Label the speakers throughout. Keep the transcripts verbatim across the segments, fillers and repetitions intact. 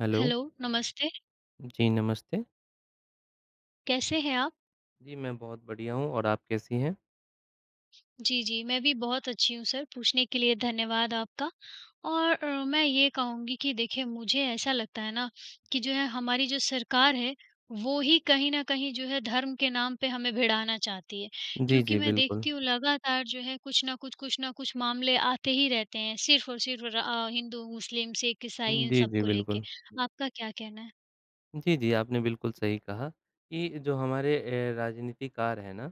Speaker 1: Hello.
Speaker 2: Hello, नमस्ते।
Speaker 1: जी, नमस्ते।
Speaker 2: कैसे हैं आप?
Speaker 1: जी, मैं बहुत बढ़िया हूँ और आप कैसी हैं?
Speaker 2: जी, जी मैं भी बहुत अच्छी हूँ सर पूछने के लिए धन्यवाद आपका और अ, मैं ये कहूँगी कि देखिए मुझे ऐसा लगता है ना, कि जो है हमारी जो सरकार है। वो ही कहीं न कहीं जो है धर्म के नाम पे हमें भिड़ाना चाहती है।
Speaker 1: जी,
Speaker 2: क्योंकि
Speaker 1: जी
Speaker 2: मैं
Speaker 1: बिल्कुल।
Speaker 2: देखती हूँ लगातार जो है कुछ ना कुछ, कुछ ना कुछ मामले आते ही रहते हैं सिर्फ और सिर्फ र अ, हिंदू, मुस्लिम, सिख, ईसाई इन
Speaker 1: जी,
Speaker 2: सब
Speaker 1: जी
Speaker 2: को लेके।
Speaker 1: बिल्कुल।
Speaker 2: आपका क्या कहना है?
Speaker 1: जी, जी, आपने बिल्कुल सही कहा कि जो हमारे ए राजनीतिकार है ना।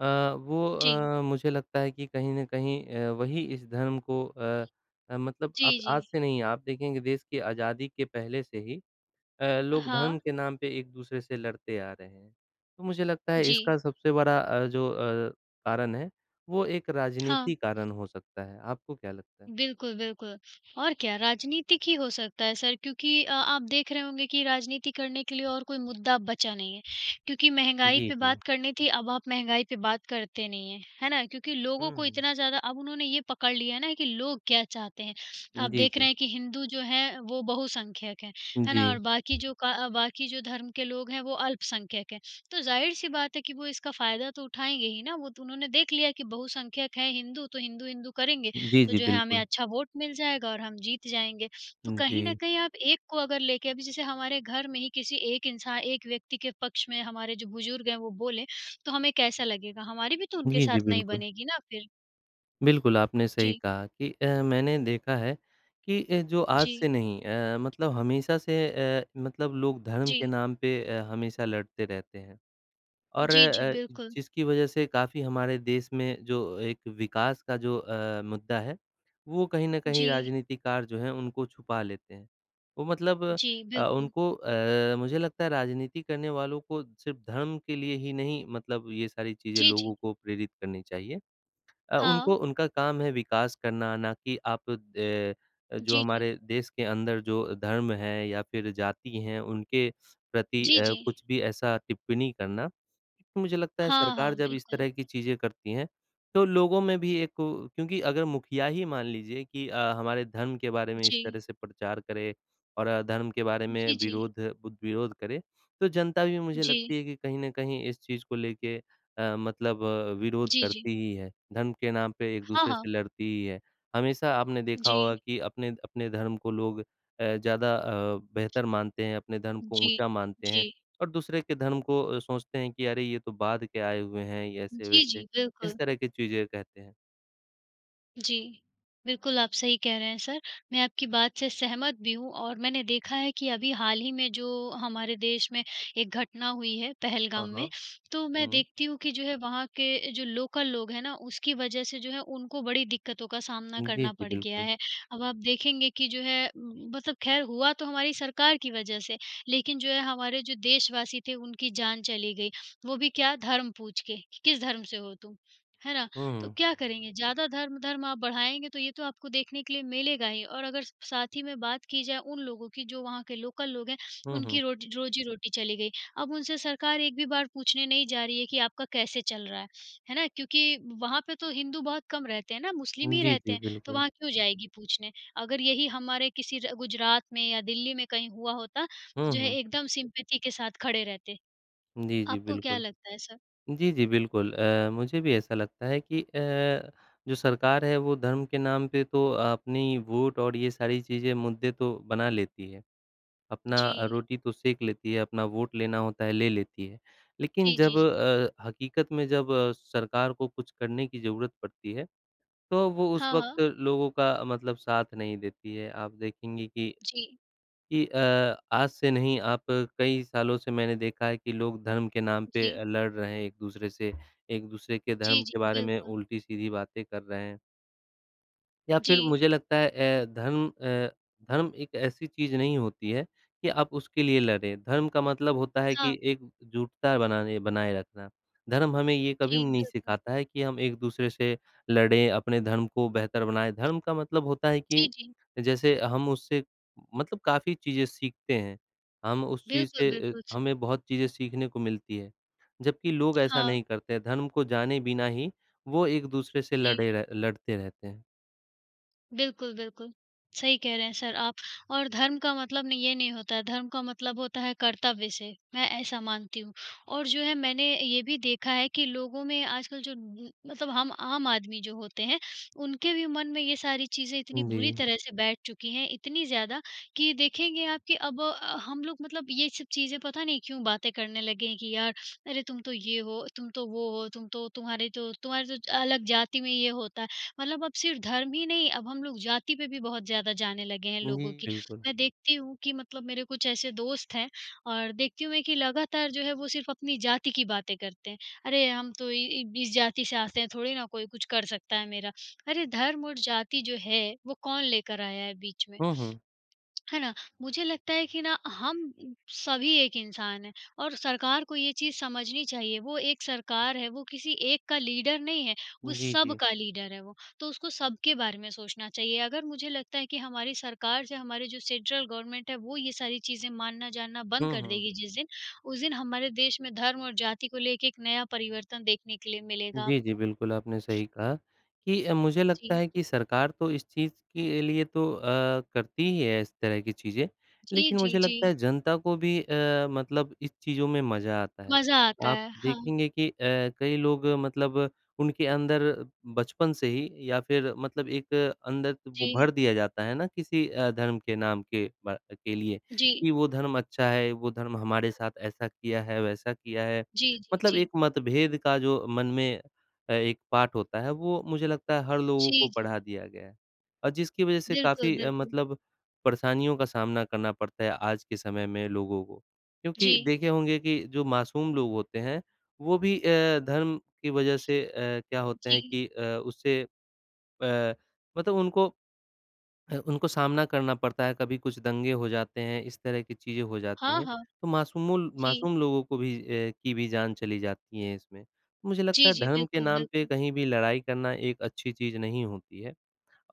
Speaker 1: अ, वो
Speaker 2: जी।
Speaker 1: अ, मुझे लगता है कि कहीं न कहीं अ, वही इस धर्म को अ, मतलब
Speaker 2: जी,
Speaker 1: आप आज
Speaker 2: जी।
Speaker 1: से नहीं आप देखेंगे देश की आज़ादी के पहले से ही, अ, लोग धर्म
Speaker 2: हाँ।
Speaker 1: के नाम पे एक-दूसरे से लड़ते आ रहे हैं। तो मुझे लगता है
Speaker 2: जी।
Speaker 1: इसका सबसे बड़ा अ, जो अ, कारण है, वो एक
Speaker 2: हाँ।
Speaker 1: राजनीति कारण हो सकता है। आपको क्या लगता है?
Speaker 2: बिल्कुल, बिल्कुल और क्या? राजनीतिक ही हो सकता है सर क्योंकि अ, आप देख रहे होंगे कि राजनीति करने के लिए और कोई मुद्दा अब बचा नहीं है। क्योंकि महँगाई
Speaker 1: जी,
Speaker 2: पे
Speaker 1: जी।
Speaker 2: बात करनी थी अब आप महँगाई पे बात करते नहीं हैं। है ना? क्योंकि लोगों
Speaker 1: हुँ,
Speaker 2: को
Speaker 1: हुँ।
Speaker 2: इतना ज़्यादा अब उन्होंने ये पकड़ लिया है ना कि लोग क्या चाहते हैं? आप
Speaker 1: जी,
Speaker 2: देख रहे
Speaker 1: जी।
Speaker 2: हैं कि हिंदू जो है वो बहुसंख्यक हैं। है
Speaker 1: जी।
Speaker 2: ना? और बाकी जो क बाकी जो धर्म के लोग हैं वो अल्पसंख्यक हैं। तो ज़ाहिर-सी बात है कि वो इसका फ़ायदा तो उठाएँगे ही ना, वो तो उन्होंने देख लिया कि बहुसंख्यक हैं हिन्दू तो हिंदू, हिंदू करेंगे।
Speaker 1: जी,
Speaker 2: तो
Speaker 1: जी
Speaker 2: जो है हमें
Speaker 1: बिल्कुल।
Speaker 2: अच्छा वोट मिल जाएगा और हम जीत जाएँगे। तो
Speaker 1: हुँ,
Speaker 2: कहीं न
Speaker 1: जी।
Speaker 2: कहीं आप एक को अगर लेके अभी जैसे हमारे घर में ही किसी एक इंसान एक व्यक्ति के पक्ष में हमारे जो बुज़ुर्ग हैं वो बोले, तो हमें कैसा लगेगा? हमारी भी तो उनके
Speaker 1: जी,
Speaker 2: साथ
Speaker 1: जी
Speaker 2: नहीं
Speaker 1: बिल्कुल।
Speaker 2: बनेगी ना फ़िर।
Speaker 1: बिल्कुल, आपने सही
Speaker 2: जी।
Speaker 1: कहा कि अ, मैंने देखा है कि ए जो आज
Speaker 2: जी।
Speaker 1: से नहीं अ, मतलब हमेशा से अ, मतलब लोग धर्म के
Speaker 2: जी।
Speaker 1: नाम पे अ, हमेशा लड़ते रहते हैं। और
Speaker 2: जी, जी
Speaker 1: अ,
Speaker 2: बिल्कुल।
Speaker 1: जिसकी वजह से काफ़ी हमारे देश में जो एक विकास का जो अ, मुद्दा है वो कहीं न कहीं
Speaker 2: जी।
Speaker 1: राजनीतिकार जो हैं उनको छुपा लेते हैं। वो मतलब
Speaker 2: जी,
Speaker 1: अ,
Speaker 2: बिल्कुल।
Speaker 1: उनको अ, मुझे लगता है राजनीति करने वालों को सिर्फ़ धर्म के लिए ही नहीं मतलब ये सारी चीज़ें
Speaker 2: जी,
Speaker 1: लोगों
Speaker 2: जी।
Speaker 1: को प्रेरित करनी चाहिए। अ, उनको
Speaker 2: हाँ।
Speaker 1: उनका काम है विकास करना ना कि आप अ अ, जो
Speaker 2: जी, जी।
Speaker 1: हमारे देश के अंदर जो धर्म है या फ़िर जाति हैं उनके प्रति
Speaker 2: जी,
Speaker 1: अ,
Speaker 2: जी।
Speaker 1: कुछ भी ऐसा टिप्पणी करना। मुझे लगता है
Speaker 2: हाँ,
Speaker 1: सरकार
Speaker 2: हाँ
Speaker 1: जब इस
Speaker 2: बिल्कुल।
Speaker 1: तरह की चीज़ें करती हैं तो लोगों में भी एक उ क्योंकि अगर मुखिया ही मान लीजिए कि अ, हमारे धर्म के बारे में इस
Speaker 2: जी।
Speaker 1: तरह से प्रचार करें और अधर्म के बारे में
Speaker 2: जी, जी।
Speaker 1: विरोध बु विरोध करें। तो जनता भी मुझे
Speaker 2: जी।
Speaker 1: लगती है कि कहीं न कहीं इस चीज़ को लेके अ, मतलब विरोध
Speaker 2: जी, जी।
Speaker 1: करती ही है। धर्म के नाम पे
Speaker 2: हाँ,
Speaker 1: एक-दूसरे से
Speaker 2: हाँ।
Speaker 1: लड़ती ही है। हमेशा आपने देखा होगा
Speaker 2: जी।
Speaker 1: कि अपने अपने धर्म को लोग अ, ज़्यादा अ, बेहतर मानते हैं, अपने धर्म को
Speaker 2: जी।
Speaker 1: ऊँचा मानते हैं।
Speaker 2: जी।
Speaker 1: और दूसरे के धर्म को अ, सोचते हैं कि अरे ये तो बाद के आए हुए हैं ये
Speaker 2: जी,
Speaker 1: ऐसे-वैसे,
Speaker 2: जी
Speaker 1: इस
Speaker 2: बिल्कुल।
Speaker 1: तरह की चीज़ें कहते हैं।
Speaker 2: जी। बिल्कुल, आप सही कह रहे हैं सर मैं आपकी बात से सहमत भी हूँ और मैंने देखा है कि अभी हाल ही में जो हमारे देश में एक घटना हुई है,
Speaker 1: हाँ,
Speaker 2: पहलगाम में,
Speaker 1: हाँ,
Speaker 2: तो मैं
Speaker 1: हुँ।
Speaker 2: देखती हूँ कि जो है वहाँ के जो लोकल लोग हैं ना, उसकी वजह से जो है उनको बड़ी दिक्कतों का सामना
Speaker 1: उम, जी,
Speaker 2: करना
Speaker 1: जी,
Speaker 2: पड़ गया
Speaker 1: बिल्कुल।
Speaker 2: है। अब आप देखेंगे कि जो है, उम उम, मतलब खैर हुआ तो हमारी सरकार की वजह से, लेकिन जो है हमारे जो देशवासी थे उनकी जान चली गई, वो भी क्या धर्म पूछ के किस धर्म से हो तुम? है ना?
Speaker 1: हुँ,
Speaker 2: तो
Speaker 1: हुँ।
Speaker 2: क्या करेंगे? ज़्यादा धर्म-धर्म आप बढ़ाएँगे, तो ये तो आपको देखने के लिए मिलेगा ही और अगर स साथ ही में बात की जाए उन लोगों की जो वहाँ के लोकल लोग हैं,
Speaker 1: हुँ, हुँ।
Speaker 2: उनकी रोट रोज़ी-रोटी चली गई, अब उनसे सरकार एक भी बार पूछने नहीं जा रही है कि आपका कैसे चल रहा है? है ना, क्योंकि वहाँ पर तो हिंदू बहुत कम रहते हैं ना, मुस्लिम
Speaker 1: उम,
Speaker 2: ही
Speaker 1: जी,
Speaker 2: रहते
Speaker 1: जी,
Speaker 2: हैं, तो
Speaker 1: बिल्कुल।
Speaker 2: वहाँ क्यों जाएगी पूछने अगर यही हमारे किसी र गुजरात में या दिल्ली में कहीं हुआ होता,
Speaker 1: हुँ,
Speaker 2: जो है
Speaker 1: हुँ।
Speaker 2: एकदम सिम्पैथी के साथ खड़े रहते,
Speaker 1: जी, जी,
Speaker 2: आपको क्या
Speaker 1: बिल्कुल।
Speaker 2: लगता है सर?
Speaker 1: जी, जी, बिल्कुल अ, मुझे भी ऐसा लगता है कि अ, जो सरकार है वो धर्म के नाम पे तो अपनी वोट और ये सारी चीज़ें मुद्दे तो बना लेती है, अपना
Speaker 2: जी।
Speaker 1: रोटी तो सेक लेती है, अपना वोट लेना होता है, ले लेती है, लेकिन
Speaker 2: जी,
Speaker 1: जब
Speaker 2: जी, जी।
Speaker 1: अ, हकीकत में जब सरकार को कुछ करने की ज़रूरत पड़ती है, तो वो उस
Speaker 2: हाँ, हाँ।
Speaker 1: वक़्त लोगों का अ, मतलब साथ नहीं देती है आप देखेंगे कि
Speaker 2: जी।
Speaker 1: कि अ, आज से नहीं आप कई सालों से मैंने देखा है कि लोग धर्म के नाम पे
Speaker 2: जी।
Speaker 1: अ, लड़ रहे हैं एक-दूसरे से, एक-दूसरे के
Speaker 2: जी,
Speaker 1: धर्म
Speaker 2: जी,
Speaker 1: के बारे में
Speaker 2: बिल्कुल।
Speaker 1: उल्टी-सीधी बातें कर रहे हैं। या फिर
Speaker 2: जी।
Speaker 1: मुझे लगता है ए धर्म अ, धर्म एक ऐसी चीज़ नहीं होती है कि आप उसके लिए लड़ें। धर्म का मतलब होता है
Speaker 2: हाँ।
Speaker 1: कि एकजुटता बनाने बनाए रखना। धर्म हमें ये कभी
Speaker 2: जी,
Speaker 1: नहीं
Speaker 2: बिल्कुल।
Speaker 1: सिखाता है कि हम एक दूसरे से लड़ें, अपने धर्म को बेहतर बनाएँ। धर्म का मतलब होता है कि
Speaker 2: जी, जी।
Speaker 1: जैसे हम उससे मतलब काफ़ी चीज़ें सीखते हैं। हम उस चीज़ से
Speaker 2: बिल्कुल,
Speaker 1: ए,
Speaker 2: बिल्कुल, सर।
Speaker 1: हमें बहुत चीज़ें सीखने को मिलती है। जबकि लोग ऐसा
Speaker 2: हाँ।
Speaker 1: नहीं करते हैं, धर्म को जाने बिना ही वो एक दूसरे से
Speaker 2: जी।
Speaker 1: लड़े रह लड़ते रहते हैं।
Speaker 2: बिल्कुल, बिल्कुल, सही कह रहे हैं सर आप और धर्म का मतलब नहीं ये नहीं होता है, धर्म का मतलब होता है कर्तव्य से। मैं ऐसा मानती हुँ और जो है मैंने ये भी देखा है कि लोगों में आजकल जो ब मतलब हम आम आदमी जो होते हैं, उनके भी मन में ये सारी चीजें इतनी
Speaker 1: हुँ,
Speaker 2: बुरी
Speaker 1: जी।
Speaker 2: तरह से बैठ चुकी हैं। इतनी ज़्यादा, कि देखेंगे आप कि अब अ, हम लोग मतलब ये सब चीज़ें पता नहीं क्यों बातें करने लगे हैं कि यार अरे तुम तो ये हो, तुम तो वो हो, तुम तो तुम्हारे तो तुम्हारे तो अलग जाति में ये होता है। मतलब अब सिर्फ धर्म ही नहीं, अब हम लोग जाति पे भी बहुत ज़्यादा जाने लगे हैं
Speaker 1: हुँ,
Speaker 2: लोगों
Speaker 1: जी,
Speaker 2: की।
Speaker 1: बिल्कुल।
Speaker 2: मैं देखती हूँ कि मतलब मेरे कुछ ऐसे दोस्त हैं और देखती हूँ मैं कि लगातार जो है वो सिर्फ अपनी जाति की बातें करते हैं। अरे हम तो इ इब इस जाति से आते हैं, थोड़ी ना कोई कुछ कर सकता है मेरा। अरे, धर्म और जाति जो है वो कौन लेकर आया है बीच में?
Speaker 1: हुँ, हुँ।
Speaker 2: है ना? मुझे लगता है कि ना हम सभी एक इंसान हैं और सरकार को ये चीज़ समझनी चाहिए, वो एक सरकार है वो किसी एक का लीडर नहीं है, वो
Speaker 1: जी,
Speaker 2: सब
Speaker 1: जी।
Speaker 2: का लीडर है वो। तो उसको सबके बारे में सोचना चाहिए। अगर मुझे लगता है कि हमारी सरकार से हमारी जो सेंट्रल गवर्नमेंट है, वो ये सारी चीज़ें मानना जानना बंद
Speaker 1: हुँ,
Speaker 2: कर
Speaker 1: हुँ।
Speaker 2: देगी जिस दिन, उस दिन हमारे देश में धर्म और जाति को लेके एक नया परिवर्तन देखने के लिए मिलेगा
Speaker 1: जी, जी,
Speaker 2: आपको।
Speaker 1: बिल्कुल, आपने सही कहा कि अ, मुझे लगता
Speaker 2: जी।
Speaker 1: है कि सरकार तो इस चीज़ के लिए तो अ, करती ही है इस तरह की चीज़ें।
Speaker 2: जी,
Speaker 1: लेकिन
Speaker 2: जी,
Speaker 1: मुझे लगता
Speaker 2: जी।
Speaker 1: है जनता को भी अ, मतलब इस चीज़ों में मज़ा आता है।
Speaker 2: मज़ा आता
Speaker 1: आप
Speaker 2: है, हाँ।
Speaker 1: देखेंगे कि अ, कई लोग मतलब उनके अंदर बचपन से ही या फिर मतलब एक अंदर को ब
Speaker 2: जी।
Speaker 1: भर दिया जाता है ना किसी अ, धर्म के नाम के बा के लिए
Speaker 2: जी।
Speaker 1: कि वो धर्म अच्छा है, वो धर्म हमारे साथ ऐसा किया है, वैसा किया है।
Speaker 2: जी, जी,
Speaker 1: मतलब
Speaker 2: जी।
Speaker 1: एक मतभेद का जो मन में अ, एक पाठ होता है, वो मुझे लगता है हर लोगों को
Speaker 2: जी, जी।
Speaker 1: पढ़ा दिया गया है और जिसकी वजह से
Speaker 2: बिल्कुल,
Speaker 1: काफ़ी अ,
Speaker 2: बिल्कुल।
Speaker 1: मतलब परेशानियों का सामना करना पड़ता है, आज के समय में, लोगों को। क्योंकि
Speaker 2: जी।
Speaker 1: देखे होंगे कि जो मासूम लोग होते हैं, वो भी अ, धर्म की वजह से अ, क्या होते हैं
Speaker 2: जी।
Speaker 1: कि अ, उससे अ, मतलब उनको अ, उनको सामना करना पड़ता है, कभी कुछ दंगे हो जाते हैं, इस तरह की चीज़ें हो जाती
Speaker 2: हाँ,
Speaker 1: हैं,
Speaker 2: हाँ।
Speaker 1: तो मासूमों ल
Speaker 2: जी।
Speaker 1: मासूम लोगों को भी अ, की भी जान चली जाती है इसमें। मुझे लगता
Speaker 2: जी,
Speaker 1: है
Speaker 2: जी,
Speaker 1: धर्म के
Speaker 2: बिल्कुल,
Speaker 1: नाम पे
Speaker 2: बिल्कुल।
Speaker 1: कहीं भी लड़ाई करना एक अच्छी चीज़ नहीं होती है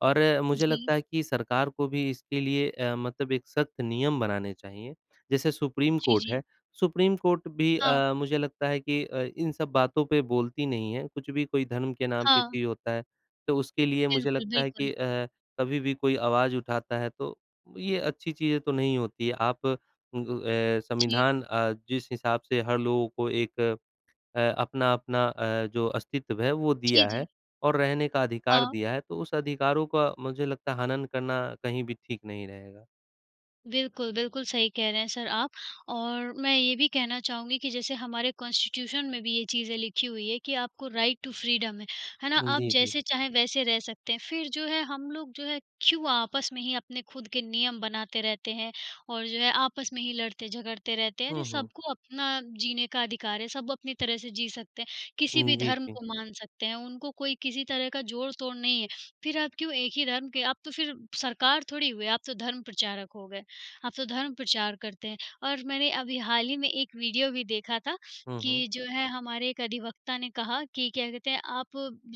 Speaker 1: और मुझे
Speaker 2: जी।
Speaker 1: लगता है कि सरकार को भी इसके लिए अ, मतलब एक सख़्त नियम बनाने चाहिए। जैसे सुप्रीम
Speaker 2: जी,
Speaker 1: कोर्ट
Speaker 2: जी।
Speaker 1: है, सुप्रीम कोर्ट भी
Speaker 2: हाँ।
Speaker 1: अ, मुझे लगता है कि अ, इन सब बातों पे बोलती नहीं है, कुछ भी कोई धर्म के नाम पे
Speaker 2: हाँ।
Speaker 1: पी होता है। तो उसके लिए मुझे
Speaker 2: बिल्कुल,
Speaker 1: लगता है
Speaker 2: बिल्कुल।
Speaker 1: कि अ, कभी भी कोई आवाज़ उठाता है तो ये अच्छी चीज़ें तो नहीं होती है। आप उ ग ए
Speaker 2: जी।
Speaker 1: संविधान अ, जिस हिसाब से हर लोगों को एक अ, अपना-अपना अ, जो अस्तित्व है वो
Speaker 2: जी,
Speaker 1: दिया है
Speaker 2: जी।
Speaker 1: और रहने का अधिकार
Speaker 2: हाँ।
Speaker 1: दिया है, तो उस अधिकारों का मुझे लगता है हनन करना कहीं भी ठीक नहीं रहेगा।
Speaker 2: बिल्कुल, बिल्कुल, सही कह रहे हैं सर आप और मैं ये भी कहना चाहूँगी कि जैसे हमारे कांस्टीट्यूशन में भी ये चीज़ें लिखी हुई है कि आपको राइट टू फ्रीडम है, है ना
Speaker 1: उ,
Speaker 2: आप
Speaker 1: जी, जी।
Speaker 2: जैसे चाहें वैसे रह सकते हैं। फिर जो है हम लोग जो है क्यों आपस में ही अपने खुद के नियम बनाते रहते हैं और जो है, आपस में ही लड़ते-झगड़ते रहते हैं।
Speaker 1: हुँ,
Speaker 2: अरे,
Speaker 1: हुँ।
Speaker 2: सबको अपना जीने का अधिकार है, सब अपनी तरह से जी सकते हैं, किसी
Speaker 1: हुँ,
Speaker 2: भी
Speaker 1: जी,
Speaker 2: धर्म
Speaker 1: जी।
Speaker 2: को मान सकते हैं। उनको कोई किसी तरह का जोड़-तोड़ नहीं है, फिर आप क्यों एक ही धर्म के आप तो फिर सरकार थोड़ी हुए, आप तो धर्म प्रचारक हो गए, आप तो धर्म प्रचार करते हैं और मैंने अभी हाल ही में एक वीडियो भी देखा था
Speaker 1: हुँ, हुँ।
Speaker 2: कि जो है हमारे एक अधिवक़्ता ने कहा कि क्या कहते हैं? आप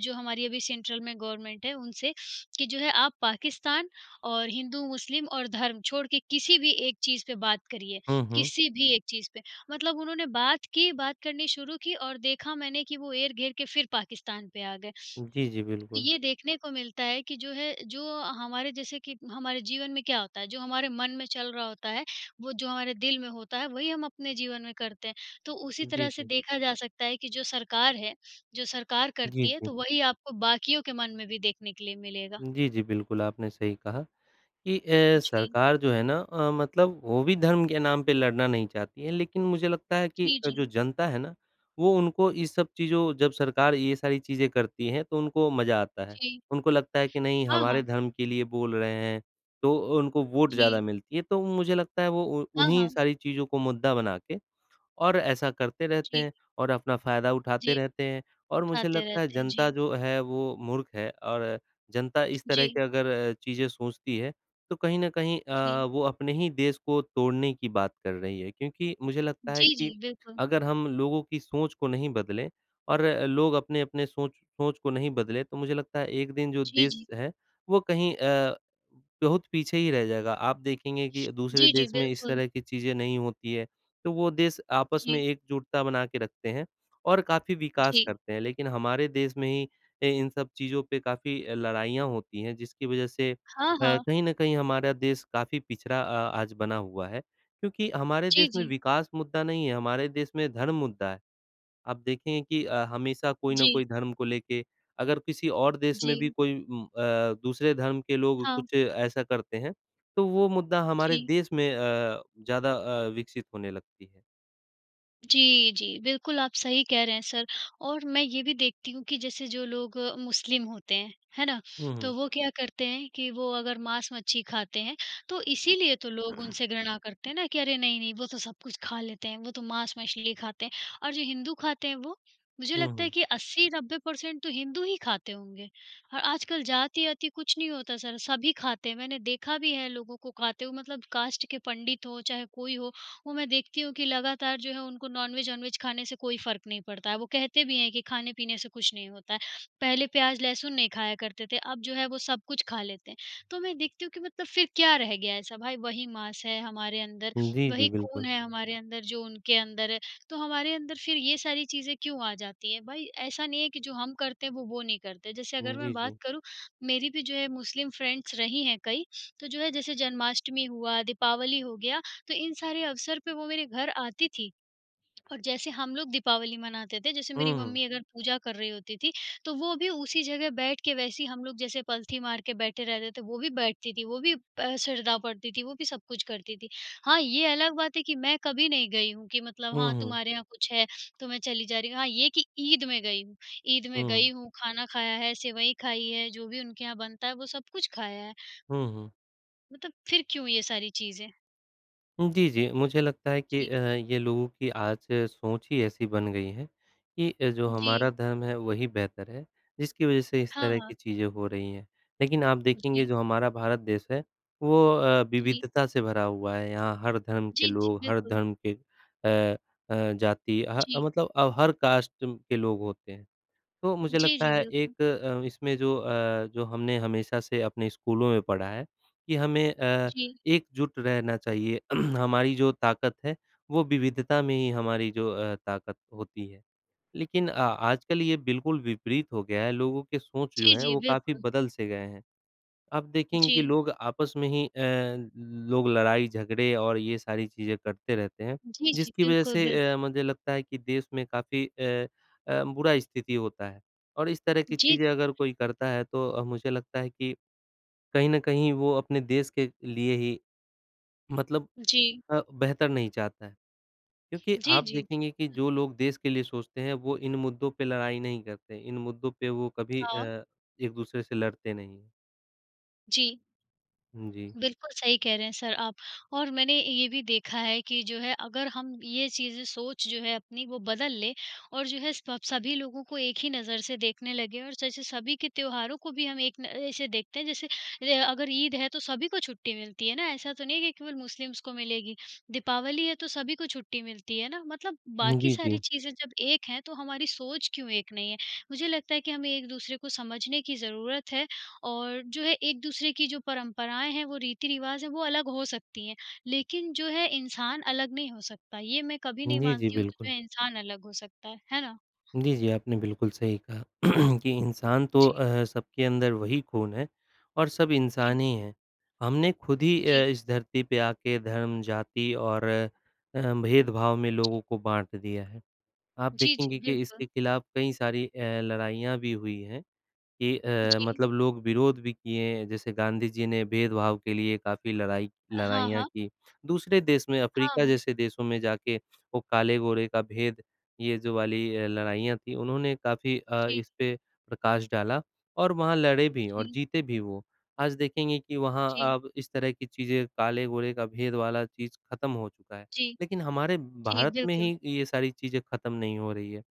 Speaker 2: जो हमारी अभी सेंट्रल में गवर्नमेंट है उनसे कि जो है आप पाकिस्तान और हिंदू, मुस्लिम और धर्म छोड़ के किसी भी एक चीज़ पे बात करिए,
Speaker 1: हुँ, हुँ।
Speaker 2: किसी भी एक चीज़ पे, मतलब उन्होंने बात की बात करनी शुरू की और देखा मैंने कि वो एर-घेर के फिर पाकिस्तान पे आ गए।
Speaker 1: जी, जी,
Speaker 2: तो
Speaker 1: बिल्कुल।
Speaker 2: ये देखने को मिलता है कि जो है, जो हमारे जैसे कि हमारे जीवन में क्या होता है? जो हमारे मन में चल रहा होता है, वो जो हमारे दिल में होता है, वही हम अपने जीवन में करते हैं, तो उसी
Speaker 1: उ, जी,
Speaker 2: तरह से
Speaker 1: जी।
Speaker 2: देखा जा सकता है कि जो सरकार है, जो सरकार
Speaker 1: जी,
Speaker 2: करती है,
Speaker 1: जी।
Speaker 2: तो वही आपको बाकियों के मन में भी देखने के लिए मिलेगा।
Speaker 1: जी, जी, बिल्कुल, आपने सही कहा कि अ,
Speaker 2: जी।
Speaker 1: सरकार जो है ना अ, मतलब वो भी धर्म के नाम पे लड़ना नहीं चाहती है, लेकिन मुझे लगता है कि
Speaker 2: जी, जी।
Speaker 1: जो जनता है ना, वो उनको ये सब चीज़ों जब सरकार ये सारी चीज़ें करती हैं, तो उनको मज़ा आता है।
Speaker 2: जी।
Speaker 1: उनको लगता है कि नहीं
Speaker 2: हाँ,
Speaker 1: हमारे
Speaker 2: हाँ।
Speaker 1: धर्म के लिए बोल रहे हैं, तो उनको वोट ज़्यादा
Speaker 2: जी।
Speaker 1: मिलती है, तो मुझे लगता है वो
Speaker 2: हाँ,
Speaker 1: उन्हीं
Speaker 2: हाँ।
Speaker 1: सारी चीज़ों को मुद्दा बना के और ऐसा करते रहते
Speaker 2: जी।
Speaker 1: हैं और अपना फ़ायदा उठाते
Speaker 2: जी,
Speaker 1: रहते हैं और मुझे
Speaker 2: उठाते
Speaker 1: लगता है
Speaker 2: रहते हैं।
Speaker 1: जनता
Speaker 2: जी।
Speaker 1: जो है वो मूर्ख है और जनता इस तरह की
Speaker 2: जी।
Speaker 1: अगर चीजें सोचती है, तो कहीं न कहीं
Speaker 2: जी।
Speaker 1: अ, वो अपने ही देश को तोड़ने की बात कर रही है, क्योंकि मुझे लगता है
Speaker 2: जी,
Speaker 1: कि
Speaker 2: जी, बिल्कुल।
Speaker 1: अगर हम लोगों की सोच को नहीं बदलें, और लोग अपने-अपने सोच सोच को नहीं बदले, तो मुझे लगता है एक दिन जो
Speaker 2: जी,
Speaker 1: देश
Speaker 2: जी।
Speaker 1: है वो कहीं अ, बहुत पीछे ही रह जाएगा। आप देखेंगे कि दूसरे
Speaker 2: जी, जी,
Speaker 1: देश में इस
Speaker 2: बिल्कुल।
Speaker 1: तरह की चीज़ें नहीं होती हैं, तो वो देश आपस में
Speaker 2: जी।
Speaker 1: एकजुटता बना के रखते हैं और काफ़ी विकास
Speaker 2: जी।
Speaker 1: करते हैं। लेकिन हमारे देश में ही अ, इन सब चीज़ों पे काफ़ी लड़ाइयाँ होती हैं, जिसकी वजह से अ,
Speaker 2: हाँ, हाँ।
Speaker 1: कहीं न कहीं हमारा देश काफ़ी पिछड़ा अ, आज बना हुआ है क्योंकि हमारे
Speaker 2: जी,
Speaker 1: देश में
Speaker 2: जी।
Speaker 1: विकास मुद्दा नहीं है, हमारे देश में धर्म मुद्दा है आप देखेंगे कि अ, हमेशा कोई ना
Speaker 2: जी।
Speaker 1: कोई धर्म को लेके अगर किसी और देश में भी
Speaker 2: जी।
Speaker 1: कोई म अ, दूसरे धर्म के लोग
Speaker 2: हाँ।
Speaker 1: कुछ ऐसा करते हैं, तो वो मुद्दा हमारे
Speaker 2: जी।
Speaker 1: देश में अ, ज़्यादा अ, विकसित होने लगती है।
Speaker 2: जी, जी, बिल्कुल आप सही कह रहे हैं सर। और मैं ये भी देखती हूँ कि जैसे जो लोग अ, मुस्लिम होते हैं, है ना?
Speaker 1: हुँ,
Speaker 2: तो
Speaker 1: हुँ।
Speaker 2: वो क्या करते हैं कि वो अगर मांस-मच्छी खाते हैं। तो इसीलिए तो लोग उनसे घृणा करते हैं ना कि अरे! नहीं-नहीं, वो तो सब कुछ खा लेते हैं, वो तो मांस-मछली खाते हैं। और जो हिंदू खाते हैं, वो? मुझे
Speaker 1: हुँ,
Speaker 2: लगता है
Speaker 1: हुँ।
Speaker 2: कि अस्सी नब्बे परसेंट तो हिंदू ही खाते होंगे। अ, आजकल जाति-वाति कुछ नहीं होता सर, सभी खाते हैं, मैंने देखा भी है लोगों को खाते हुए, मतलब कास्ट के पंडित हों, चाहे कोई हो। वो मैं देखती हूँ कि लगातार जो है वो उनको नॉनवेज ऑनवेज खाने से कोई फ़र्क नहीं पड़ता है। वो कहते भी हैं कि खाने-पीने से कुछ नहीं होता है, पहले प्याज़, लहसुन नहीं खाया करते थे, अब जो है वो सब कुछ खा लेते हैं। तो मैं देखती हूँ कि मतलब फ़िर क्या रह गया ऐसा? भाई वही मांस है हमारे अंदर,
Speaker 1: हुँ। जी, जी
Speaker 2: वही खून
Speaker 1: बिल्कुल।
Speaker 2: है हमारे अंदर जो उनके अंदर है, तो हमारे अंदर फिर ये सारी चीज़ें क्यों आ जाती हैं। भाई ऐसा नहीं है कि जो हम करते हैं, वो वो नहीं करते। जैसे अगर मैं
Speaker 1: जी,
Speaker 2: बात
Speaker 1: जी।
Speaker 2: करूँ, मेरी भी जो है मुस्लिम फ्रेंड्स रही हैं कई, तो जो है जैसे जन्माष्टमी हुआ, दीपावली हो गया। तो इन सारे अवसर पे वो मेरे घर आती थीं। और जैसे हम लोग दीपावली मनाते थे, जैसे मेरी
Speaker 1: हुँ, हुँ।
Speaker 2: मम्मी अगर पूजा कर रही होती थी। तो वो भी उसी जगह बैठ के वैसे हम लोग जैसे पलथी मारकर बैठे रहते थे, वो भी बैठती थीं वो भी अ, सरदाओ पढ़ती थी, वो भी सब कुछ करती थी। हाँ, ये अलग बात है कि मैं कभी नहीं गई हूँ कि मतलब
Speaker 1: हुँ,
Speaker 2: हाँ,
Speaker 1: हुँ।
Speaker 2: तुम्हारे यहाँ कुछ है तो मैं चली जा रही हूँ। हाँ, ये कि ईद में गई हूँ ईद में गई
Speaker 1: हुँ।
Speaker 2: हूँ, खाना खाया है, सेवई खाई है, जो भी उनके यहाँ बनता है वो सब कुछ खाया है।
Speaker 1: हुँ, हुँ।
Speaker 2: मतलब, फिर क्यों ये सारी चीज़ें?
Speaker 1: हुँ, जी, जी, मुझे लगता है कि अ,
Speaker 2: जी।
Speaker 1: ये लोगों की आज सोच ही ऐसी बन गई है कि अ, जो हमारा
Speaker 2: जी।
Speaker 1: धर्म है वही बेहतर है, जिसकी वज़ह से इस
Speaker 2: हाँ,
Speaker 1: तरह
Speaker 2: हाँ।
Speaker 1: की चीज़ें हो रही हैं, लेकिन आप देखेंगे
Speaker 2: जी।
Speaker 1: जो हमारा भारत देश है वो अ,
Speaker 2: जी।
Speaker 1: विविधता से भरा हुआ है यहाँ हर धर्म के
Speaker 2: जी, जी,
Speaker 1: लोग, हर
Speaker 2: बिल्कुल।
Speaker 1: धर्म के अ अ, जाती अ,
Speaker 2: जी।
Speaker 1: मतलब अब हर कास्ट कु के लोग होते हैं, तो मुझे
Speaker 2: जी,
Speaker 1: लगता
Speaker 2: जी।
Speaker 1: है
Speaker 2: बिल्कुल।
Speaker 1: एक अ, इसमें जो अ, जो हमने हमेशा से अपने स्कूलों में पढ़ा है, कि हमें अ,
Speaker 2: जी।
Speaker 1: एकजुट रहना चाहिए हमारी जो ताकत है, वो विविधता में ही हमारी जो अ, ताकत होती है। लेकिन अ, आजकल ये बिल्कुल विपरीत हो गया है, लोगों के सोच जो
Speaker 2: जी,
Speaker 1: है
Speaker 2: जी,
Speaker 1: वो काफ़ी
Speaker 2: बिल्कुल।
Speaker 1: बदल से गए हैं। आप देखेंगे कि
Speaker 2: जी।
Speaker 1: लोग आपस में ही अ, लोग लड़ाई-झगड़े और ये सारी चीज़ें करते रहते हैं,
Speaker 2: जी, जी।
Speaker 1: जिसकी वज़ह
Speaker 2: बिल्कुल, बिल्क
Speaker 1: से अ, मुझे लगता है कि देश में काफ़ी अ अ, बुरा स्थिति होता है और इस तरह की
Speaker 2: जी।
Speaker 1: चीज़ें अगर कोई करता है तो अ, मुझे लगता है कि, कहीं न कहीं वो अपने देश के लिए ही मतलब
Speaker 2: जी।
Speaker 1: अ, बेहतर नहीं चाहता है। क्योंकि
Speaker 2: जी,
Speaker 1: आप
Speaker 2: जी।
Speaker 1: देखेंगे कि जो लोग देश के लिए सोचते हैं वो इन मुद्दों पे लड़ाई नहीं करते इन मुद्दों पे वो कभी
Speaker 2: हाँ।
Speaker 1: अ, एक-दूसरे से लड़ते नहीं हैं।
Speaker 2: जी।
Speaker 1: हुँ, जी।
Speaker 2: बिल्कुल, सही कह रहे हैं सर आप। और मैंने ये भी देखा है कि जो है अगर हम ये चीज़ें सोच जो है अपनी वो बदल लें और जो है सब सभी लोगों को एक ही नज़र से देखने लगें और जैसे सभी के त्योहारों को भी हम एक न ऐसे देखते हैं जैसे रे अ, अगर ईद है, तो सभी को छुट्टी मिलती है ना ऐसा तो नहीं है कि केवल मुस्लिमस को मिलेगी, दीपावली है, तो तो सभी को छुट्टी मिलती है ना मतलब
Speaker 1: हुँ,
Speaker 2: बाकी
Speaker 1: जी,
Speaker 2: सारी
Speaker 1: जी।
Speaker 2: चीज़ें जब एक हैं, तो हमारी सोच क्यों एक नहीं है? मुझे लगता है कि हमें एक दूसरे को समझने की ज़रूरत है और जो है एक दूसरे की जो परंपराएँ हैं, वो रीति-रिवाज़ हैं वो अलग हो सकती हैं, लेकिन जो है इंसान अलग नहीं हो सकता। ये मैं कभी
Speaker 1: हुँ,
Speaker 2: नहीं
Speaker 1: जी, जी,
Speaker 2: मानती हूँ कि
Speaker 1: बिल्कुल।
Speaker 2: जो है इंसान अलग हो सकता है। है ना?
Speaker 1: जी, जी, आपने बिल्कुल सही कहा कि इंसान तो
Speaker 2: जी।
Speaker 1: अ, सबके अंदर वही खून है और सब
Speaker 2: जी।
Speaker 1: इंसान ही हैं। हमने खुद ही अ,
Speaker 2: जी।
Speaker 1: इस धरती पे आके धर्म, जाति और अ, भेदभाव में
Speaker 2: जी।
Speaker 1: लोगों को बाँट दिया है। आप
Speaker 2: जी, जी,
Speaker 1: देखेंगे कि
Speaker 2: बिल्कुल।
Speaker 1: इसके खिलाफ कई सारी अ, लड़ाइयाँ भी हुई हैं कि अ,
Speaker 2: जी।
Speaker 1: मतलब लोग विरोध भी किए हैं, जैसे गांधी जी ने भेदभाव के लिए काफ़ी लड़ाई
Speaker 2: अ, हाँ,
Speaker 1: लड़ाइयाँ
Speaker 2: हाँ।
Speaker 1: की। दूसरे देश में
Speaker 2: हाँ,
Speaker 1: अफ्रीका
Speaker 2: हाँ।
Speaker 1: जैसे देशों में जाके वो काले-गोरे का भेद, ये जो वाली अ, लड़ाइयाँ थीं उन्होंने काफ़ी अ,
Speaker 2: जी।
Speaker 1: इस पे प्रकाश डाला और वहाँ लड़े भी और
Speaker 2: जी।
Speaker 1: जीते भी वो। आज देखेंगे कि वहाँ,
Speaker 2: जी।
Speaker 1: अब इस तरह की चीज़ें, काले-गोरे का भेद वाला चीज़, खत्म हो चुका है
Speaker 2: जी।
Speaker 1: लेकिन हमारे
Speaker 2: जी,
Speaker 1: भारत में
Speaker 2: बिल्कुल।
Speaker 1: ही ये सारी चीज़ें खत्म नहीं हो रही है।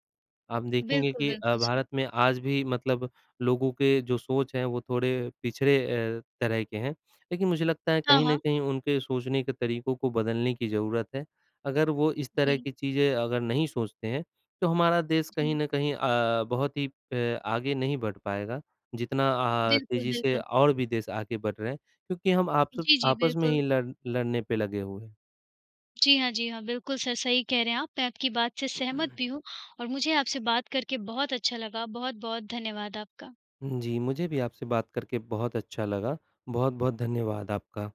Speaker 1: आप देखेंगे
Speaker 2: बिल्कुल,
Speaker 1: कि अ,
Speaker 2: बिल्कुल, सर।
Speaker 1: भारत में आज भी मतलब लोगों के जो सोच हैं, वो थोड़े पिछड़े अ, तरह के हैं, लेकिन मुझे लगता है
Speaker 2: हाँ,
Speaker 1: कहीं न
Speaker 2: हाँ।
Speaker 1: कहीं उनके सोचने के तरीकों को बदलने की ज़रूरत है। अगर वो इस तरह
Speaker 2: जी।
Speaker 1: की चीज़ें अगर नहीं सोचते हैं, तो हमारा देश कहीं
Speaker 2: जी।
Speaker 1: न कहीं अ, बहुत ही अ, आगे नहीं बढ़ पाएगा। जितना अ,
Speaker 2: बिल्कुल,
Speaker 1: तेज़ी से
Speaker 2: बिल्कुल।
Speaker 1: और भी देश आगे बढ़ रहे हैं क्योंकि हम आपस
Speaker 2: जी, जी,
Speaker 1: आपस में ही
Speaker 2: बिल्कुल।
Speaker 1: लड़ लड़ने पे लगे हुए हैं।
Speaker 2: जी हाँ, जी हाँ, बिल्कुल सर। सही कह रहे हैं आप, मैं आपकी बात से सहमत भी हूँ और मुझे आपसे बात करके बहुत अच्छा लगा, बहुत-बहुत धन्यवाद आपका।
Speaker 1: उम, जी, मुझे भी आपसे बात करके बहुत अच्छा लगा, बहुत-बहुत धन्यवाद आपका।